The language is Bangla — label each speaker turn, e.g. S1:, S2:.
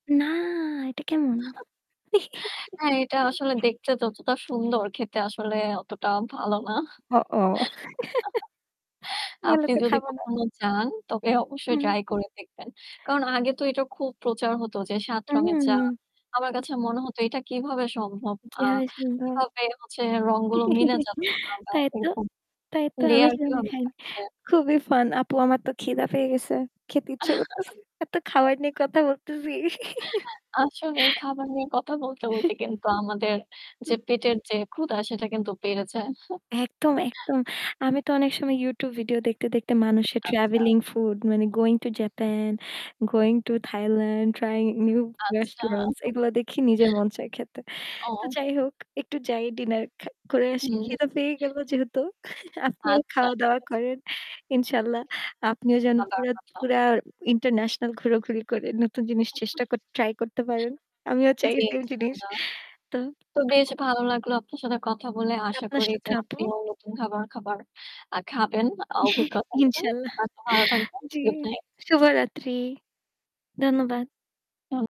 S1: না, এটা কেমন?
S2: হ্যাঁ, এটা আসলে দেখতে যতটা সুন্দর খেতে আসলে অতটা ভালো না।
S1: হ ও ভালো
S2: আপনি
S1: তো
S2: যদি
S1: খাবো না।
S2: কখনো যান তবে অবশ্যই
S1: হুম।
S2: ট্রাই করে দেখবেন। কারণ আগে তো এটা খুব প্রচার হত যে ৭ রঙের চা।
S1: উম
S2: আমার কাছে মনে হতো এটা কিভাবে সম্ভব? আ
S1: যেভাবে সম্ভব।
S2: কিভাবে হচ্ছে রংগুলো মিলে যাচ্ছে। বা
S1: তাই তো,
S2: এরকম
S1: তাই তো আমি
S2: লেয়ার
S1: সেখানে
S2: কিভাবে
S1: খাইনি।
S2: থাকছে?
S1: খুবই ফান। আপু আমার তো খিদে পেয়ে গেছে। খেতে ইচ্ছে করছে। এত খাবার নিয়ে কথা বলতেছি।
S2: আসলে এই খাবার নিয়ে কথা বলতে বলতে কিন্তু আমাদের যে
S1: হুম।
S2: পেটের যে ক্ষুধা সেটা কিন্তু বেড়ে যায়।
S1: একদম, একদম। আমি তো অনেক সময় YouTube ভিডিও দেখতে দেখতে মানুষের
S2: আচ্ছা।
S1: ট্রাভেলিং, ফুড মানে going to Japan, going to Thailand, trying new
S2: আচ্ছা।
S1: রেস্টুরেন্টস এগুলা দেখি নিজের মন চাই খেতে। তো
S2: ও।
S1: যাই হোক একটু যাই ডিনার খা করে আসি।
S2: হুম।
S1: খিদে পেয়ে গেলো যেহেতু আপনিও
S2: আচ্ছা,
S1: খাওয়া
S2: ঠিক
S1: দাওয়া
S2: আছে।
S1: করেন। ইনশাল্লাহ আপনিও যেন
S2: খাওয়া-দাওয়া
S1: পুরা
S2: করতে
S1: পুরা
S2: হবে।
S1: ইন্টারন্যাশনাল ঘুরাঘুরি করে নতুন জিনিস চেষ্টা কর ট্রাই করতে পারেন। আমিও চাই
S2: জি।
S1: সেম জিনিস।
S2: ইনশাল্লাহ।
S1: তো
S2: তো বেশ
S1: [unintelligible]
S2: ভালো লাগলো আপনার সাথে কথা বলে আশা
S1: আপনার
S2: করি যে
S1: সাথেও আপু।
S2: আপনি নতুন ধরণের খাবার আ খাবেন। অভিজ্ঞতা নেবেন।
S1: ইনশাল্লাহ।
S2: ভালো থাকবেন।
S1: জি।
S2: Good night.
S1: শুভরাত্রি। ধন্যবাদ।
S2: হুম।